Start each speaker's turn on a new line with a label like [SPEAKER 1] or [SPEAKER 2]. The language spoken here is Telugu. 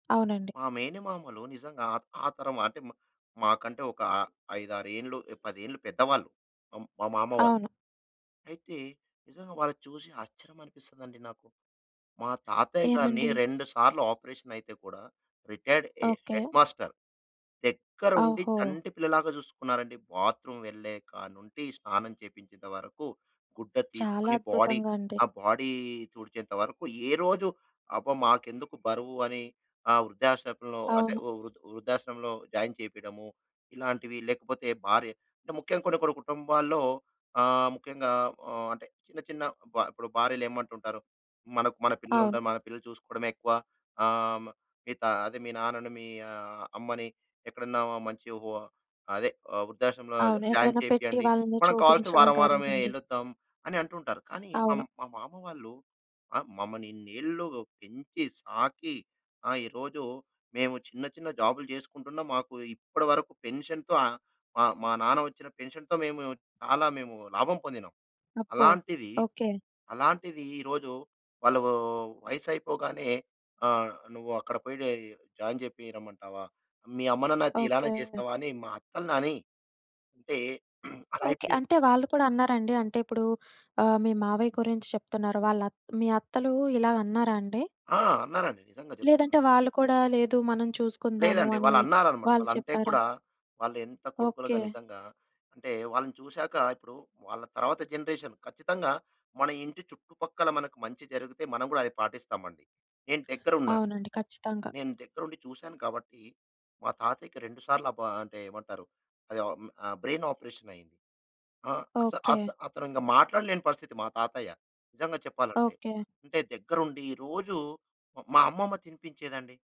[SPEAKER 1] అవునండి.
[SPEAKER 2] మా మేనమామలు నిజంగా ఆ! ఆ తరం అంటే మ మాకంటే ఒక ఆహ్, 5, 6 ఏండ్లు, 10 ఏండ్లు పెద్దవాళ్ళు మ్ మా మామ వాళ్ళు.
[SPEAKER 1] అవును.
[SPEAKER 2] అయితే నిజంగా వాళ్ళ చూసి ఆశ్చర్యమనిపిస్తదండి నాకు. మా తాతయ్య గారిని
[SPEAKER 1] ఏమండి?
[SPEAKER 2] 2 సార్లు ఆపరేషనయితే కూడా రిటైర్డ్ ఎ
[SPEAKER 1] ఓకే.
[SPEAKER 2] Headmaster. దగ్గరుండి
[SPEAKER 1] ఓహో!
[SPEAKER 2] చంటి పిల్లలాగా జూసుకున్నారండి. బాత్రూమ్ వెళ్ళే కానుండి స్నానం చేపించేంత వరకు గుడ్డ
[SPEAKER 1] చాలా
[SPEAKER 2] తీసుకొని బాడీ
[SPEAKER 1] అద్భుతంగా అండి.
[SPEAKER 2] ఆ బాడీ తుడిచేంత వరకు ఏ రోజు అబ్బా! మాకెందుకు బరువు అని ఆ వృద్ధాశ్రమంలో అంటే
[SPEAKER 1] అవును.
[SPEAKER 2] వృ వృద్ధాశ్రమంలో జాయిన్ చేపీడము, ఇలాంటివి లేకపోతే భార్య అంటే ముఖ్యంగ కొన్ని కొన్ని కుటుంబాల్లో ఆ ఆహ్, ముఖ్యంగా ఆహ్, అంటే చిన్న చిన్న బ ఇప్పుడు భార్యలేమంటుంటారు "మనకు మన
[SPEAKER 1] అవును.
[SPEAKER 2] పిల్లలుంటారు. మన పిల్లలు చూసుకోడమే ఎక్కువ. ఆహ్, ఆమె ఇతా అదే మీ నాన్నని, మీ అమ్మని ఎక్కడన్నా మంచి హువ అదే, ఆ వృద్ధాశ్రమంలో
[SPEAKER 1] అవును.
[SPEAKER 2] జాయిన్
[SPEAKER 1] ఎక్కడైనా పెట్టి
[SPEAKER 2] చేపియండి.
[SPEAKER 1] వాళ్ళని
[SPEAKER 2] మనం కావలిస్తే
[SPEAKER 1] చూపించడం
[SPEAKER 2] వారం వారమే
[SPEAKER 1] కానివ్వండి.
[SPEAKER 2] ఎల్లొద్దాం." అని అంటుంటారు. కానీ మ
[SPEAKER 1] అవును.
[SPEAKER 2] మా మామ వాళ్ళు ఆ! మమ్మల్ని ఇన్నేళ్లు పెంచి, సాకి ఆ ఈరోజు మేము చిన్న చిన్న జాబ్‌లు చేసుకుంటున్నాం. మాకు ఇప్పటివరకు పెన్షన్‌తో మా మా నాన్న ఒచ్చిన పెన్షన్‌తో మేము చాలా మేము లాభం పొందినాం.
[SPEAKER 1] అబ్బో!
[SPEAKER 2] అలాంటిది,
[SPEAKER 1] ఓకే.
[SPEAKER 2] అలాంటిది ఈరోజు వాళ్ళూ వయసైపోగానే ఆహ్, నువ్వక్కడ పోయి జాయిన్ చేపి రమ్మంటావా? మీ అమ్మ నాన్న అయితే ఇలానే
[SPEAKER 1] ఓకే.
[SPEAKER 2] చేస్తావా అని మా అత్తల్నని అంటే అలా
[SPEAKER 1] ఓకే.
[SPEAKER 2] అయిపోయాం.
[SPEAKER 1] అంటే వాళ్ళు కూడా అన్నారండి? అంటే ఇప్పుడు ఆహ్, మీ మావయ్య గురించి చెప్తున్నారు. వాళ్ళత్ మీ అత్తలూ ఇలాగన్నారండి?
[SPEAKER 2] ఆ! అన్నారండి. నిజంగా జెప్తున్నా.
[SPEAKER 1] లేదంటే వాళ్ళు కూడా "లేదు, మనం చూసుకుందాము."
[SPEAKER 2] లేదండి.
[SPEAKER 1] అని
[SPEAKER 2] వాళ్ళన్నారనమాట.
[SPEAKER 1] వాళ్ళు
[SPEAKER 2] వాళ్ళంటే
[SPEAKER 1] చెప్పారా?
[SPEAKER 2] కూడా వాళ్ళు ఎంత కొడుకులుగా
[SPEAKER 1] ఓకే.
[SPEAKER 2] నిజంగా అంటే వాళ్ళని చూశాక, ఇప్పుడు వాళ్ళ తర్వాత జనరేషన్ ఖచ్చితంగా మన ఇంటి చుట్టుపక్కల మనకు మంచి జరిగితే మనం గూడా అది పాటిస్తామండి. నేను దగ్గరున్నాను.
[SPEAKER 1] అవునండి. ఖచ్చితంగా.
[SPEAKER 2] నేను దగ్గరుండి చూసాను కాబట్టి మా తాతయ్యకి రెండు సార్లు అబా అంటే ఏమంటారు? అది ఆహ్, బ్రైన్ ఆపరేషనయింది. ఆ! అస్ అత్
[SPEAKER 1] ఓకే.
[SPEAKER 2] అతనింక మాట్లాడలేని పరిస్థితి. మా తాతయ్య నిజంగా చెప్పాలంటే.
[SPEAKER 1] ఓకే.
[SPEAKER 2] అంటే దగ్గరుండి రోజూ మా అమ్మమ్మ తినిపించేదండి.